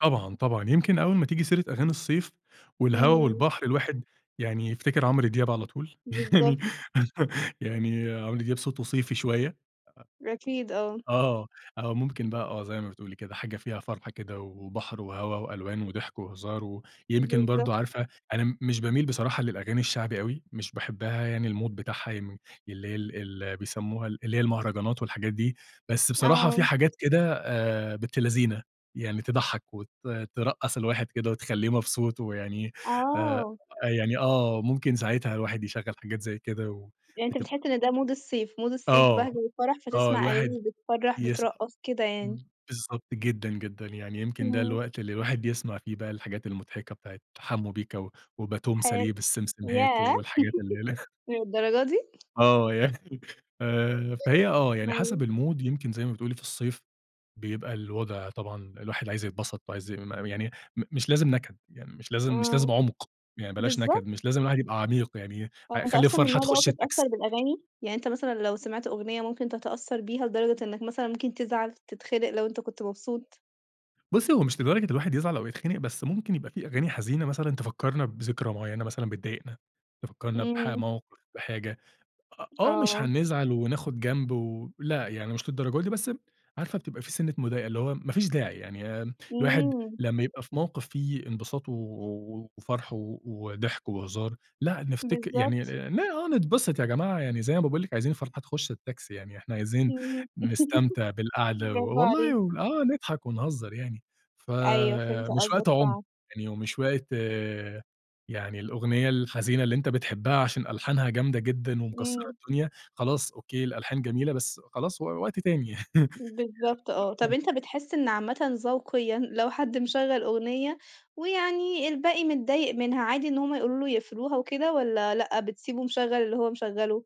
طبعًا، طبعًا. يمكن أول ما تيجي سيرة أغاني الصيف والهوا إمم. والبحر الواحد يعني يفتكّر عمرو دياب على طول. بالضبط. يعني عمرو دياب صوته صيفي شوية. أكيد، آه. آه، آه. ممكن بقى آه. زي ما بتقولي كده، حاجة فيها فرحة كده و وبحر وهَوا وألوان وضحك وهزار ويمكن برضه بالضبط. عارفة أنا م مش باميل بصراحة للأغاني الشعبي أوي، مش باحبها يعني الMood بتاعها يم اللي هي ال اللي بيسمّوها اللي هي المهرجانات والحاجات دي، بس بصراحة في آه. حاجات كده آآ بنت لذينة، يعني تضحّك وت ترقّص الواحد كده وتخلّيه مبسوط ويعني آآ، آه. يعني آه. ممكن ساعتها الواحد يشغّل حاجات زي كده يعني أنت وتب بتحِس إن ده Mood الصيف، Mood الصيف بَهْج آه. وفَرَح، آه. فتسمع الواحد أغاني بتفرّح، يس بترّقص كده يعني. إمم، بالضبط جدًا، جدًا. يعني يمكن ده إمم. الوقت اللي الواحد يسمع فيه بقى الحاجات المضحكة بتاعة حمّو بيكا و وباتون حلو. ساليه بالسمسمهات ياه! والحاجات اللي هيلخ للدرجة دي؟ آه. يعني آآ فهي آه. يعني أيوه. حسب الMood يمكن زي ما بتقولي في الصيف، بيبقى الوضع طبعًا الواحد عايز يتبسط وعايز [unintelligible] يعني م مش لازم نَكَد. يعني مش لازم مش آه. لازم عُمق، يعني بلاش بالضب نَكَد. مش لازم الواحد يبقى عميق يعني هو ع أنت خلّي أصلًا من الفرحة النوع اللي هو تخُش التاكس بيتأثّر بالأغاني؟ يعني أنت مثلًا لو سمعت أغنية ممكن تتأثّر بيها لدرجة إنّك مثلًا ممكن تزعل، تتخنق لو أنت كنت مبسوط؟ بُصّي، هو مش لدرجة الواحد يزعل أو يتخنق، بس ممكن يبقى في أغاني حزينة مثلًا تفكّرنا بذكرى معيّنة مثلًا بتضايقنا، تفكّرنا بحا إمم. موقف بحاجة. أ آه، مش آه. هنزعل وناخُد جنب و لأ، يعني مش للدرجة دي، بس ب عارفة بتبقى في سِنّة مضايقة، اللي هو ما فيش داعي. يعني الواحد إمم. لمّا يبقى في موقف فيه انبساط و و وفَرَح و وضحك وهزار، لأ نفتكر يعني بالضبط. آآ لا آه، نتبسط يا جماعة. يعني زي ما باقول لِك، عايزين الفرحة تخُش التاكسي، يعني إحنا عايزين إمم. نستمتع بالقعدة و برافو والله عليك. آه نضحك ونهزّر يعني. أيوه، فهمت فمش وقت قصدك عُم فع يعني ومش وقت يعني الأغنية الحزينة اللي أنت بتحبّها عشان ألحانها جامدة جدًا ومكسّرة إمم. الدنيا، خلاص أوكي الألحان جميلة، بس خلاص و وقت تاني يعني. بالضبط آه. طب [unintelligible] أنت بتحِس إن عامةً ذوقيًا لو حد مشغّل أغنية ويعني الباقي متضايق منها، عادي إن هم يقولوا له يقفلوها وكده والّا لأ، بتسيبه مشغّل اللي هو مشغّله؟